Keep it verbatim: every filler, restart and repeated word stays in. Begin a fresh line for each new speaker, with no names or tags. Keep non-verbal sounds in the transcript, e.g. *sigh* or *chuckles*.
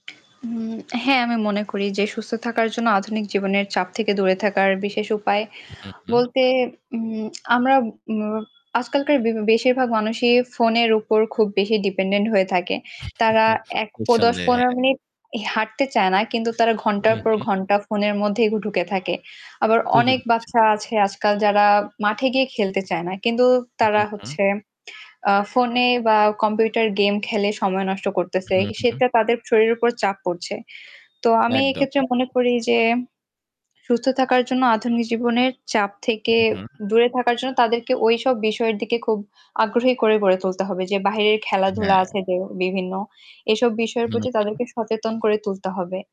উম হ্যাঁ, আমি মনে করি যে সুস্থ থাকার জন্য আধুনিক জীবনের চাপ থেকে দূরে থাকার বিশেষ উপায়
হুম, হুম।
বলতে উম আমরা ম আজকালকার বে বেশিরভাগ মানুষই ফোনের উপর খুব বেশি ডিপেন্ডেন্ট হয়ে থাকে। তারা
*chuckles*
এক প
নিঃসন্দেহে,
দশ-পনেরো
হ্যাঁ।
মিনিট এ হাঁটতে চায় না। কিন্তু তারা
হু,
ঘন্টার পর
হু।
ঘন্টা ফোনের মধ্যেই ঢুকে থাকে। আবার
ঠিকই
অনেক
বলেছেন।
বাচ্চা আছে আজকাল, যারা মাঠে গিয়ে খেলতে চায় না। কিন্তু তারা
হু, হু।
হচ্ছে আ ফোনে বা কম্পিউটার গেম খেলে সময় নষ্ট করতেছে।
হু, হু।
সেটা তাদের শরীরের উপর চাপ পড়ছে। তো আমি
একদম,
এক্ষেত্রে মনে
একদম।
করি যে, সুস্থ থাকার জন্য আধুনিক জীবনের চাপ থেকে
হুম।
দূরে থাকার জন্য তাদেরকে ঐসব বিষয়ের দিকে খুব আগ্রহী করে গড়ে তুলতে হবে যে, বাহিরের খেলাধুলা
হ্যাঁ।
আছে যে বিভিন্ন, এসব বিষয়ের
হু,
প্রতি
হু।
তাদেরকে সচেতন করে তুলতে হবে।